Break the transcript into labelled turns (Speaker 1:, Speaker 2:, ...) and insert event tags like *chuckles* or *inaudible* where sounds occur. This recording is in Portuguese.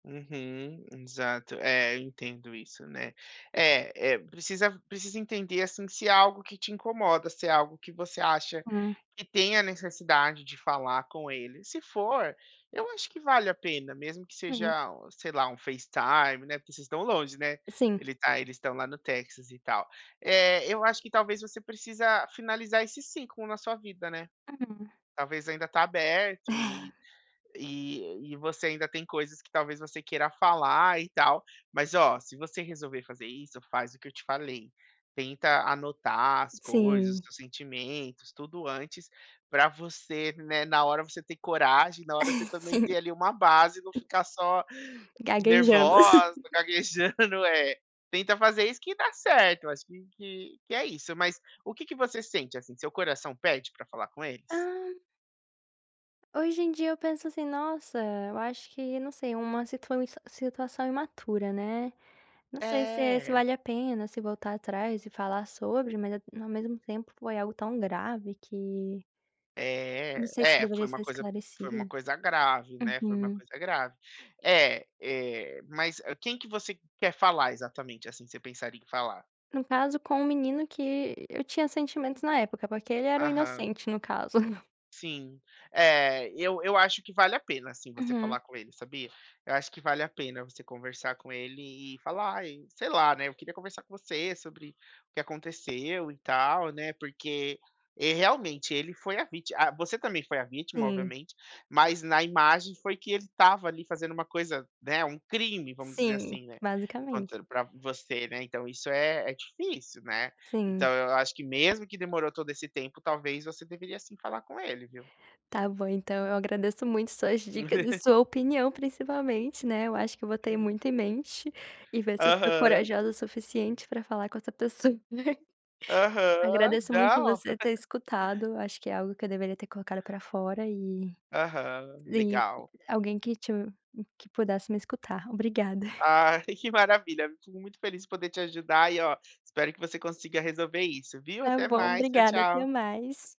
Speaker 1: Uhum. Exato. É, eu entendo isso, né. É, eh, precisa precisa entender, assim, se é algo que te incomoda, se é algo que você acha
Speaker 2: Hum.
Speaker 1: que tem a necessidade de falar com ele. Se for, eu acho que vale a pena, mesmo que
Speaker 2: Sim.
Speaker 1: seja o sei lá, um facetime, né, porque vocês estão longe, né,
Speaker 2: Sim.
Speaker 1: ele está eles estão lá no Texas e tal. É, eu acho que talvez você precisa finalizar esse ciclo na sua vida, né.
Speaker 2: Uhum.
Speaker 1: Talvez ainda tá aberto e e e você ainda tem coisas que, talvez, você queira falar e tal. Mas ó, se você resolver fazer isso, faz o que eu te falei, tenta anotar as coisas, os
Speaker 2: Sim.
Speaker 1: teus sentimentos, tudo antes, para você, né, na hora você ter coragem, na hora você também ter,
Speaker 2: *laughs*
Speaker 1: ali, uma base e não ficar só
Speaker 2: Gaguejando.
Speaker 1: nervosa, *chuckles*
Speaker 2: *chuckles*
Speaker 1: gaguejando, é. Tenta fazer isso que dá certo, eu acho que que que é isso. Mas o que que você sente, assim, seu coração pede para falar com eles?
Speaker 2: Ah. Hoje em dia eu penso assim: "Nossa, eu acho que" não sei, uma situa foi uma situação imatura, né, não sei se é se
Speaker 1: É.
Speaker 2: vale a pena, se voltar atrás e falar sobre, mas é no ao mesmo tempo foi algo tão grave que não
Speaker 1: É,
Speaker 2: sei se
Speaker 1: é. É,
Speaker 2: deveria
Speaker 1: foi uma
Speaker 2: ser
Speaker 1: coisa foi uma
Speaker 2: esclarecido.
Speaker 1: coisa grave, né, foi uma
Speaker 2: Uhum.
Speaker 1: coisa grave. É, eh, mas quem que você quer falar exatamente, assim, você pensaria em falar?
Speaker 2: No caso com o menino que eu tinha sentimentos na época, porque ele era um
Speaker 1: Aham.
Speaker 2: inocente no caso. *chuckles*
Speaker 1: Sim. É, eu eu acho que vale a pena, assim, você falar
Speaker 2: Uhum.
Speaker 1: com ele sabia? Eu acho que vale a pena você conversar com ele e falar: "Ai", sei lá, né, "eu queria conversar com você sobre o que aconteceu e tal, né, porque" é realmente, ele foi a víti ah, você também foi a vítima,
Speaker 2: Sim.
Speaker 1: obviamente, mas na imagem foi que ele estava, ali, fazendo uma coisa, né, um crime, vamos dizer
Speaker 2: Sim,
Speaker 1: assim, né, vamos
Speaker 2: basicamente.
Speaker 1: dizer para você, né, então isso é é difícil, né. Então
Speaker 2: Sim.
Speaker 1: eu acho que mesmo que demorou todo esse tempo, talvez você deveria sim falar com ele, viu.
Speaker 2: Tá bom então, eu agradeço muito suas dicas e
Speaker 1: *laughs*
Speaker 2: sua opinião principalmente, né, eu acho que eu botei muito em mente e ver se eu sou
Speaker 1: Aham.
Speaker 2: corajosa o suficiente para falar com essa pessoa. *chuckles*
Speaker 1: Aham,
Speaker 2: Agradeço muito
Speaker 1: não.
Speaker 2: você ter
Speaker 1: *laughs*
Speaker 2: escutado, eu acho que é algo que eu deveria ter colocado para fora e
Speaker 1: Aham,
Speaker 2: e
Speaker 1: legal.
Speaker 2: alguém que te que pudesse me escutar. Obrigada.
Speaker 1: *chuckles* Ai, que maravilha, fico muito feliz em poder te ajudar, e ó, espero que você consiga resolver isso, viu.
Speaker 2: Tá
Speaker 1: Até
Speaker 2: bom,
Speaker 1: mais, tchau,
Speaker 2: obrigada. Até
Speaker 1: tchau.
Speaker 2: mais.